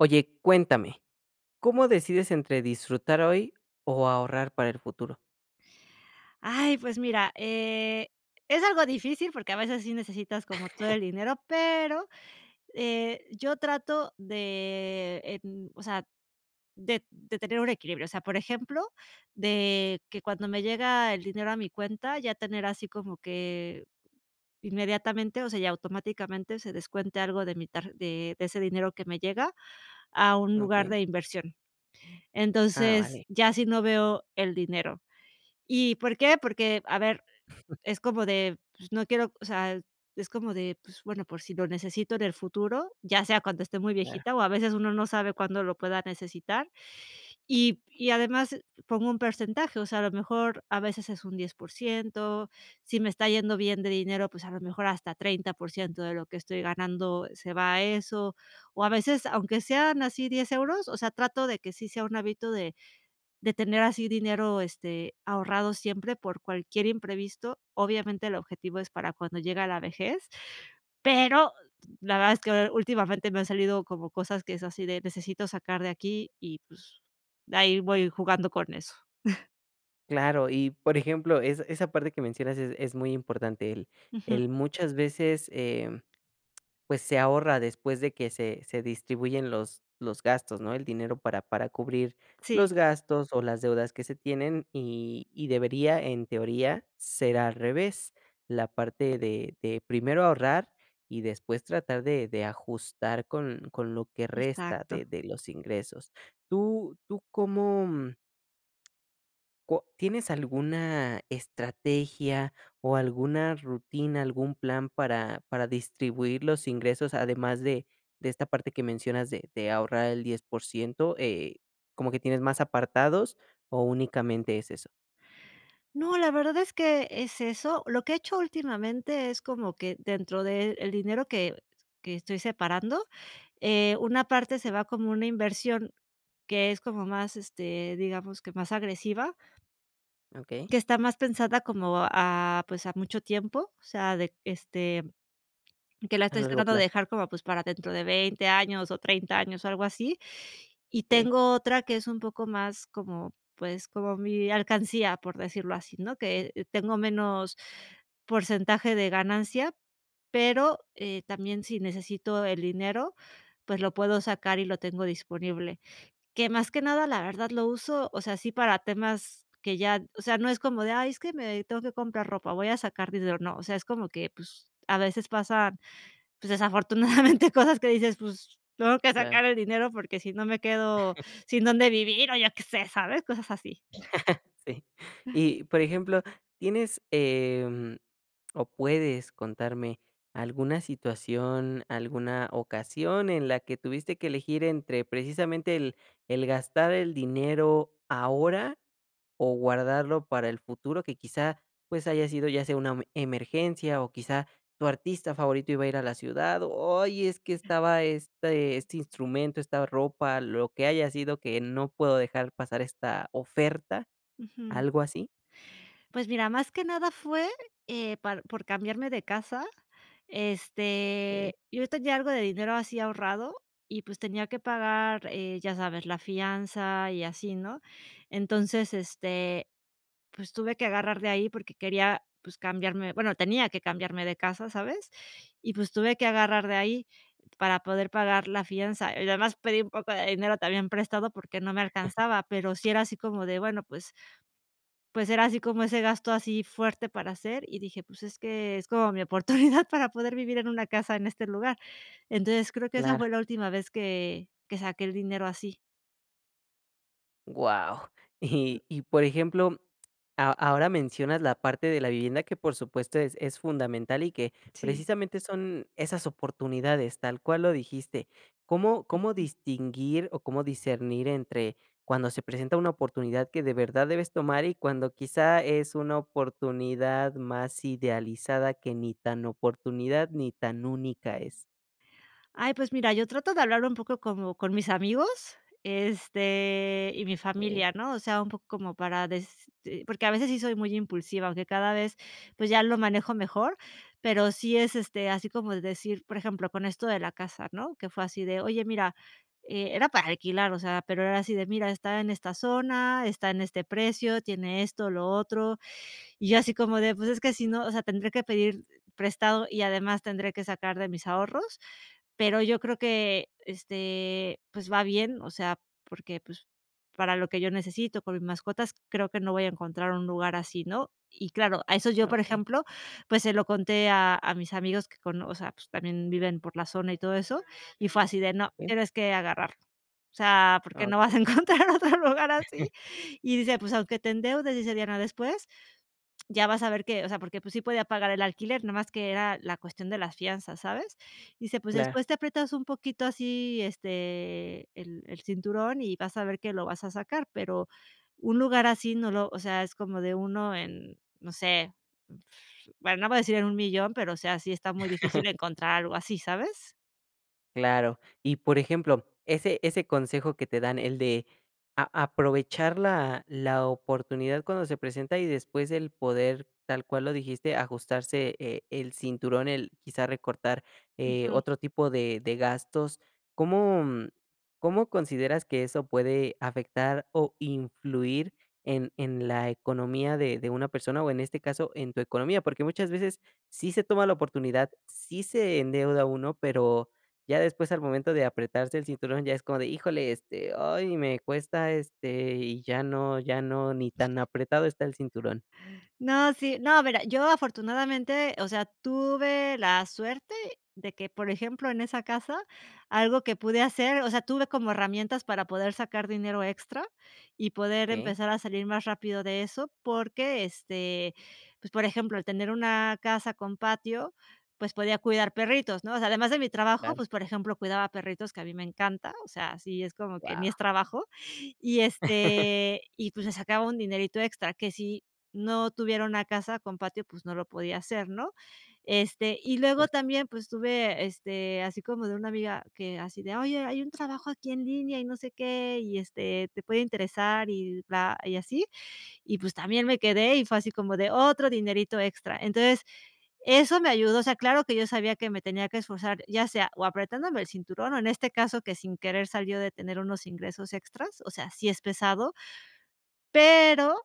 Oye, cuéntame, ¿cómo decides entre disfrutar hoy o ahorrar para el futuro? Ay, pues mira, eh, es algo difícil, porque a veces sí necesitas como todo el dinero, pero, eh yo trato de, em, o sea, de de tener un equilibrio, o sea, por ejemplo, de que cuando me llega el dinero a mi cuenta, ya tener así como que inmediatamente, o sea, y automáticamente se descuente algo de mi tarj de de ese dinero que me llega a un lugar Okey. de inversión. Ah, Entonces, vale. ya así no veo el dinero. Y ¿por qué? Porque a ver, es como de, pues no quiero, o sea, es como de, pues bueno, por si lo necesito en el futuro, ya sea cuando esté muy Claro. viejita o a veces uno no sabe cuándo lo pueda necesitar. Y y además pongo un porcentaje, o sea, a lo mejor a veces es un 10%, si me está yendo bien de dinero, pues a lo mejor hasta 30% de lo que estoy ganando se va a eso, o a veces aunque sean así 10 euros, o sea, trato de que sí sea un hábito de de tener así dinero, este, ahorrado siempre por cualquier imprevisto, obviamente el objetivo es para cuando llega la vejez, pero la verdad es que, eh, últimamente me han salido como cosas que es así de necesito sacar de aquí y pues ahí voy jugando con eso. Claro y, por ejemplo, es esa parte que mencionas es es muy importante, el Ujú. el muchas veces, em, pues se ahorra después de que se se distribuyen los los gastos, ¿no?, el dinero para, para cubrir Sí. los gastos o las deudas que se tienen, y y debería, en teoría, ser al revés la parte de de primero ahorrar y después tratar de de ajustar con con lo que resta Exacto. de de los ingresos. ¿Tú, tú cómo, mm? ¿Cua tienes alguna estrategia o alguna rutina, algún plan para para distribuir los ingresos, además de de esta parte que mencionas de de ahorrar el 10%, eh, como que tienes más apartados o únicamente es eso? No, la verdad es que es eso. Lo que he hecho últimamente es como que, dentro de el dinero que que estoy separando, eh, una parte se va como una inversión que es como más, este, digamos, que más agresiva. Okey. Que está más pensada como, ah, pues, a mucho tiempo o sea, de este, que la A estoy largo tratando de plazo. dejar como, pues, para dentro de 20 años o 30 años, algo así. Y Okey. tengo otra que es un poco más como, pues, como mi alcancía, por decirlo así, ¿no?, que tengo menos porcentaje de ganancia, pero, eh, también si necesito el dinero, pues lo puedo sacar y lo tengo disponible. Que más que nada, la verdad, lo uso, o sea, sí para temas que ya, o sea, no es como de: "Ay es que me tengo que comprar ropa, voy a sacar dinero, no, o sea, es como que, pues, a veces pasan, pues, desafortunadamente cosas que dices: "Pues, tengo que sacar Claro. el dinero porque si no me quedo sin donde vivir", o yo qué sé, ¿sabes? Cosas así. Sí y por ejemplo tienes, em, o puedes contarme alguna situación, alguna ocasión en la que tuviste que elegir entre precisamente el el gastar el dinero ahora o guardarlo para el futuro que quizá pues haya sido ya sea una em emergencia o quizá tu artista favorito iba a ir a la ciudad. Ay es que estaba este este instrumento, esta ropa, lo que haya sido que no puedo dejar pasar esta oferta, Ujú. ¿algo así? Pues mira, más que nada fue, eh, par por cambiarme de casa, Sí. este, yo tenía algo de dinero así ahorrado y pues tenía que pagar, eh, ya sabes, la fianza y así, ¿no? Entonces, este, pues tuve que agarrar de ahí porque quería, pues, cambiarme, bueno, tenía que cambiarme de casa, ¿sabes? Y pues tuve que agarrar de ahí para poder pagar la fianza y, además, pedí un poco de dinero también prestado porque no me alcanzaba. Pero sí era así como de, bueno, pues. Pues era así como ese gasto así fuerte para hacer. Y dije, pues es que es como mi oportunidad para poder vivir en una casa en este lugar. Entonces creo que esa Claro. fue la última vez que, que saqué el dinero así. Guau, Ujú. y y por ejemplo, a ahora mencionas la parte de la vivienda que por supuesto es es fundamental y que, Sí. precisamente son esas oportunidades, tal cual lo dijiste. ¿Cómo cómo Ujú. distinguir o cómo discernir entre cuando se presenta una oportunidad que de verdad debes tomar y cuando quizá es una oportunidad más idealizada que ni tan oportunidad ni tan única es? Ay, pues mira, yo trato de hablarlo un poco como con mis amigos, este, y mi Okey. familia, ¿no? o sea, un poco como para, des te porque a veces sí soy muy impulsiva, aunque cada vez, pues ya lo manejo mejor, pero sí es, este, así como de decir, por ejemplo, con esto de la casa, ¿no?, que fue así de, "Oye, mira", eh era para alquilar, o sea, pero era así de, "Mira, está en esta zona, está en este precio, tiene esto, lo otro", y yo así como de, "Pues es que si no, o sea, tendré que pedir prestado y además tendré que sacar de mis ahorros, pero yo creo que, este, pues va bien, o sea, porque, pues para lo que yo necesito con mis mascotas, creo que no voy a encontrar un lugar así", ¿no?, y claro, a eso yo, Ah, por okey. ejemplo, pues se lo conté a a mis amigos que con o sea, pues también viven por la zona y todo eso, y fue así de "No, Sí. tienes que agarrarlo, o sea, porque no vas Okey. a encontrar otro lugar así" y dice, "Pues aunque te endeudes, dice Diana, después, ya vas a ver qué", o sea, porque pues sí podía pagar el alquiler, nomás que era la cuestión de las fianzas, ¿sabes?, dice, "Pues Claro. después te aprietas un poquito así, este, el el cinturón y vas a ver que lo vas a sacar", pero un lugar así no lo o sea, es como de 1 en, no sé, f bueno, no voy a decir en un millón, pero o sea, sí está muy difícil encontrar algo así, ¿sabes? Claro y por ejemplo, ese ese consejo que te dan, el de a aprovechar la la oportunidad cuando se presenta y después el poder, tal cual lo dijiste, ajustarse e el cinturón, el quizá recortar, eh, Ujú. otro tipo de de gastos. ¿Cómo, mm, cómo consideras que eso puede afectar o influir en en la economía de de una persona o en este caso en tu economía? Porque muchas veces sí se toma la oportunidad, sí se endeuda uno, pero ya después al momento de apretarse el cinturón ya es como de: "Híjole este, ay, me cuesta este y ya no ya no ni tan apretado está el cinturón". No, sí, no, mira, yo afortunadamente, o sea, tuve la suerte de que, por ejemplo, en esa casa, algo que pude hacer, o sea, tuve como herramientas para poder sacar dinero extra y poder Okey. empezar a salir más rápido de eso, porque, este, pues, por ejemplo, el tener una casa con patio, pues podía cuidar perritos, ¿no? O sea, además de mi trabajo, Claro. pues, por ejemplo, cuidaba perritos que a mí me encanta, o sea, así es como que ni es Guau. trabajo y, este, y, pues, se sacaba un dinerito extra, que si no tuviera una casa con patio, pues no lo podía hacer, ¿no? Este, Por y luego supuesto. también, pues, tuve, este, así como de una amiga que así de: "Oye, hay un trabajo aquí en línea y no sé qué y este, te puede interesar y bla y así". Y pues también me quedé y fue así como de otro dinerito extra. Entonces eso me ayudó, o sea, claro que yo sabía que me tenía que esforzar, ya sea o apretándome el cinturón, o en este caso que sin querer salió de tener unos ingresos extras, o sea, sí es pesado. Pero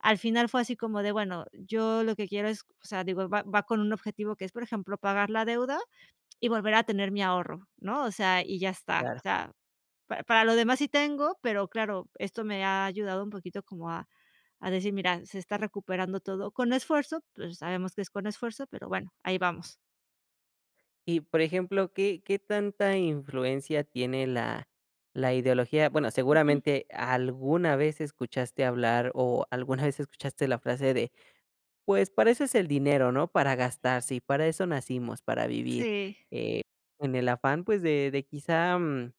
al final fue así como de, bueno, yo lo que quiero es, o sea, digo, va va con un objetivo que es, por ejemplo, pagar la deuda y volver a tener mi ahorro, ¿no? O sea, y ya está. O Claro. sea, para para lo demás sí tengo, pero claro, esto me ha ayudado un poquito como a, a decir: "Mira, se está recuperando todo con esfuerzo, pues sabemos que es con esfuerzo, pero bueno, ahí vamos. Y por ejemplo, ¿qué qué tanta influencia tiene la la ideología? Bueno, Ujú. seguramente alguna vez escuchaste hablar o alguna vez escuchaste la frase de, pues, para eso es el dinero, ¿no? Para gastarse, y para eso nacimos, para vivir, Sí. eh, en el afán, pues, de de quizá, mm,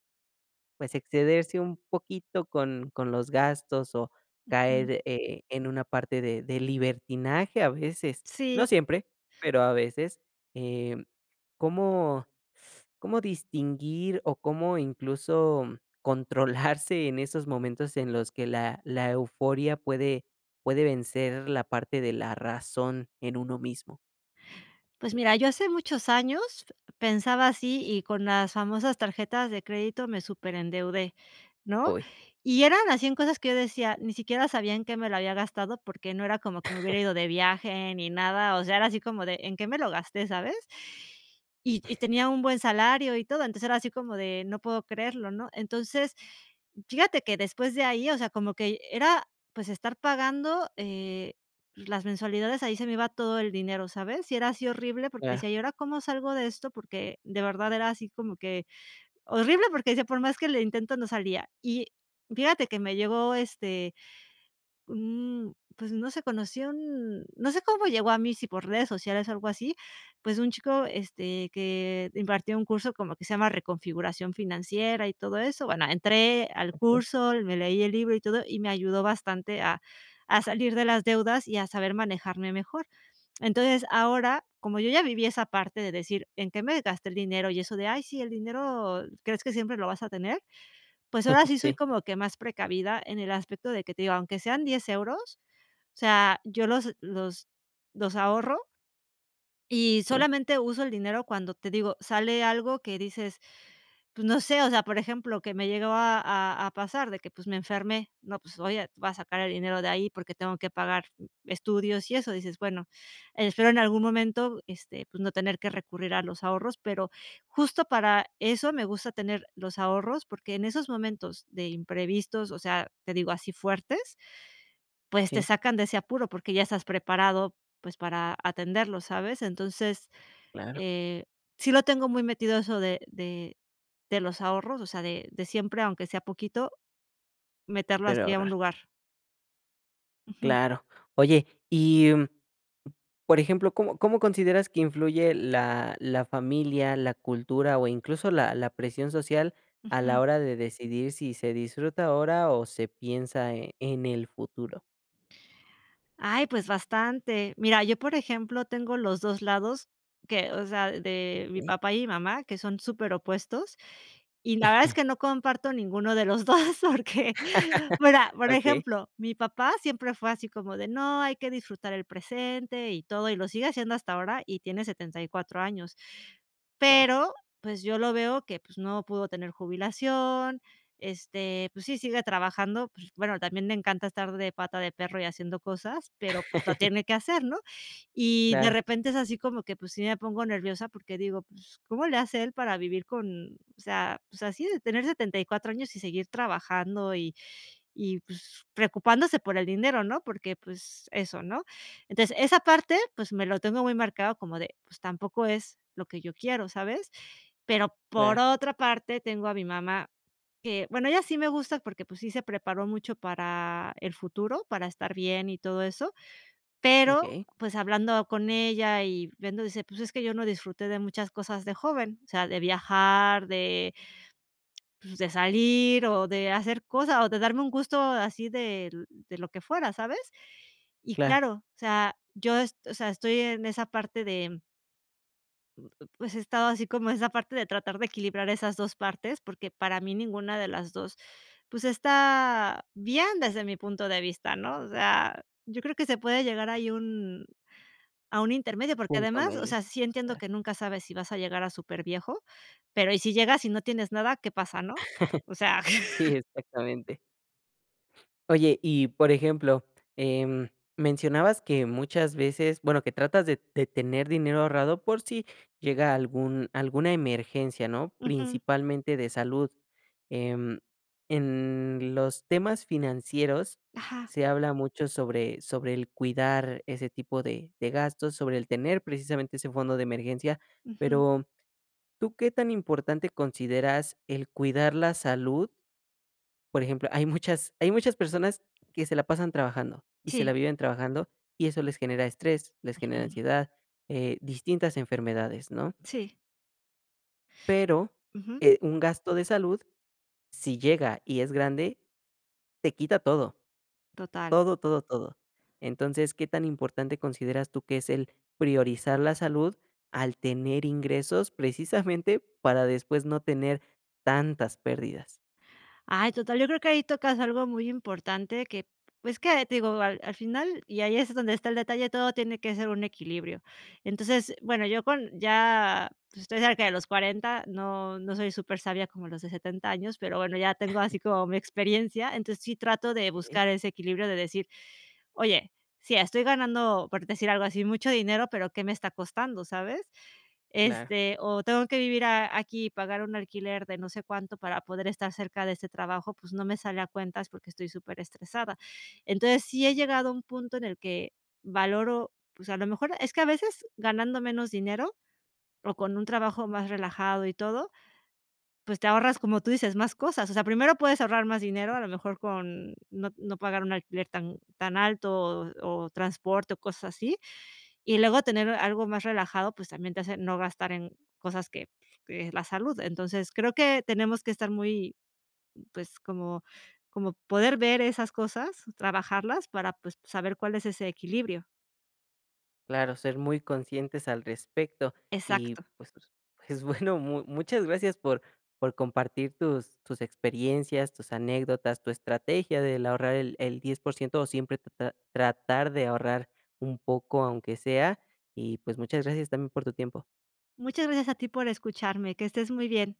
pues, excederse un poquito con con los gastos o Ujú. caer, eh, en una parte de de libertinaje a veces, Sí. no siempre, pero a veces, em, ¿cómo cómo distinguir o cómo incluso controlarse en esos momentos en los que la la euforia puede puede vencer la parte de la razón en uno mismo? Pues mira, yo hace muchos años pensaba así y con las famosas tarjetas de crédito me superendeudé, ¿no? Uy. Y eran así en cosas que yo decía, ni siquiera sabía en qué me lo había gastado porque no era como que me hubiera ido de viaje ni nada, o sea, era así como de, ¿en qué me lo gasté?, ¿sabes? Y y tenía un buen salario y todo, entonces era así como de no puedo creerlo, ¿no? Entonces, fíjate que después de ahí, o sea, como que era, pues estar pagando, eh, las mensualidades, ahí se me iba todo el dinero, ¿sabes? Y era así horrible, porque Claro. decía, ¿y ahora cómo salgo de esto? Porque de verdad era así como que horrible, porque decía, por más que le intento no salía, y fíjate que me llegó, este, un pues no sé, conocí un, no sé cómo llegó a mí, sí por redes sociales o algo así, pues un chico, este, que impartió un curso como que se llama Reconfiguración Financiera y todo eso, bueno, entré al Okey. curso, me leí el libro y todo, y me ayudó bastante a a salir de las deudas y a saber manejarme mejor. Entonces, ahora, como yo ya viví esa parte de decir: "En qué me gasté el dinero" y eso de: "Ay, sí, el dinero crees que siempre lo vas a tener, pues ahora sí soy Sí. como que más precavida en el aspecto de que te digo, aunque sean 10 euros, o sea, yo los los los ahorro. Y Sí. solamente uso el dinero cuando te digo, sale algo que dices, pues no sé, o sea, por ejemplo, que me llegó a a a pasar de que, pues me enfermé, no, pues voy a voy a sacar el dinero de ahí porque tengo que pagar estudios y eso, dices: "Bueno, espero en algún momento, este, pues no tener que recurrir a los ahorros, pero justo para eso me gusta tener los ahorros, porque en esos momentos de imprevistos, o sea, te digo así fuertes, pues te Sí. sacan de ese apuro porque ya estás preparado, pues para atenderlos, ¿sabes? Entonces, Claro. eh, sí lo tengo muy metido eso de de de los ahorros, o sea, de de siempre aunque sea poquito, meterlo Pero así a un ahorrar. lugar. Ujú. Claro, oye y por ejemplo, ¿cómo cómo consideras que influye la la familia, la cultura o incluso la la presión social a la Ujú. hora de decidir si se disfruta ahora o se piensa e en el futuro? Ay, pues, bastante. Mira, yo, por ejemplo, tengo los 2 lados que o sea, de mi Okey. papá y mi mamá, que son superopuestos, y la verdad es que no comparto ninguno de los 2, porque, mira, por Okey. ejemplo, mi papá siempre fue así como de: "No, hay que disfrutar el presente y todo", y lo sigue haciendo hasta ahora, y tiene 74 años, Wao. pero, pues, yo lo veo que, pues, no pudo tener jubilación, este, pues, sí, sigue trabajando, pues, bueno, también le encanta estar de pata de perro y haciendo cosas, pero pues lo tiene que hacer, ¿no?, y de Claro. repente es así como que, pues sí me pongo nerviosa porque digo: "Pues, ¿cómo le hace él para vivir con o sea, pues así de tener 74 años y seguir trabajando y y pues preocupándose por el dinero", ¿no?, porque pues eso, ¿no? Entonces esa parte, pues me lo tengo muy marcado como de, pues tampoco es lo que yo quiero, ¿sabes?, pero por Claro. otra parte tengo a mi mamá que bueno, ella sí me gusta porque, pues, sí se preparó mucho para el futuro, para estar bien y todo eso, pero, Okey. pues, hablando con ella y viendo, dice: "Pues, es que yo no disfruté de muchas cosas de joven, o sea, de viajar, de pues, de salir o de hacer cosas o de darme un gusto así de l de lo que fuera", ¿sabes? Y Claro. claro, o sea, yo es o sea, estoy en esa parte de. Mm, pues he estado así como esa parte de tratar de equilibrar esas 2 partes, porque para mí ninguna de las 2, pues está bien desde mi punto de vista, ¿no?, o sea, yo creo que se puede llegar ahí a un a un intermedio, porque Punto además, o medio, sea, sí entiendo claro. que nunca sabes si vas a llegar a superviejo, pero y si llegas y no tienes nada, ¿qué pasa, no?, o sea. Sí, exactamente. Oye y, por ejemplo, em, mencionabas que muchas veces bueno, que tratas de de tener dinero ahorrado por si llega algún alguna emergencia, ¿no?, Ujú. principalmente de salud. Em, en los temas financieros Ajá. se habla mucho sobre sobre el cuidar ese tipo de de gastos, sobre el tener precisamente ese fondo de emergencia, Ujú. pero, ¿tú qué tan importante consideras el cuidar la salud. Por ejemplo, hay muchas hay muchas personas que se la pasan trabajando y se Sí. la viven trabajando y eso les genera estrés, les genera Ujú. ansiedad, eh, distintas enfermedades, ¿no? Sí. Pero, Ujú. eh, un gasto de salud, si llega y es grande, te quita todo, Total. todo, todo, todo. Entonces, ¿qué tan importante consideras tú que es el priorizar la salud al tener ingresos precisamente para después no tener tantas pérdidas? Ay, total, yo creo que ahí tocas algo muy importante que pues es que, te digo, al al final y ahí es donde está el detalle, todo tiene que ser un equilibrio. Entonces, bueno, yo con ya, pues, estoy cerca de los 40, no no soy supersabia como los de 70 años, pero bueno, ya tengo así como mi experiencia, entonces, sí trato de Okey. buscar ese equilibrio de decir: "Oye, sí, estoy ganando, por decir algo así, mucho dinero, pero qué me está costando", ¿sabes?, Claro. este, o tengo que vivir a aquí y pagar un alquiler de no sé cuánto para poder estar cerca de este trabajo, pues no me sale a cuentas porque estoy superestresada, entonces, sí he llegado a un punto en el que valoro, pues a lo mejor es que a veces ganando menos dinero o con un trabajo más relajado y todo, pues te ahorras, como tú dices, más cosas, o sea, primero puedes ahorrar más dinero, a lo mejor con no no pagar un alquiler tan tan alto o o transporte o cosas así, y luego tener algo más relajado, pues también te hace no gastar en cosas que que la salud, entonces, creo que tenemos que estar muy pues como como poder ver esas cosas, trabajarlas para pues, saber cuál es ese equilibrio. Claro, ser muy conscientes al respecto y Exacto. pues [unintelligible] pues bueno mu muchas gracias por por compartir tus tus experiencias, tus anécdotas, tu estrategia del ahorrar el el 10 por ciento o siempre tatrar tratar de ahorrar un poco aunque sea y, pues muchas gracias también por tu tiempo. Muchas gracias a ti por escucharme, que estés muy bien.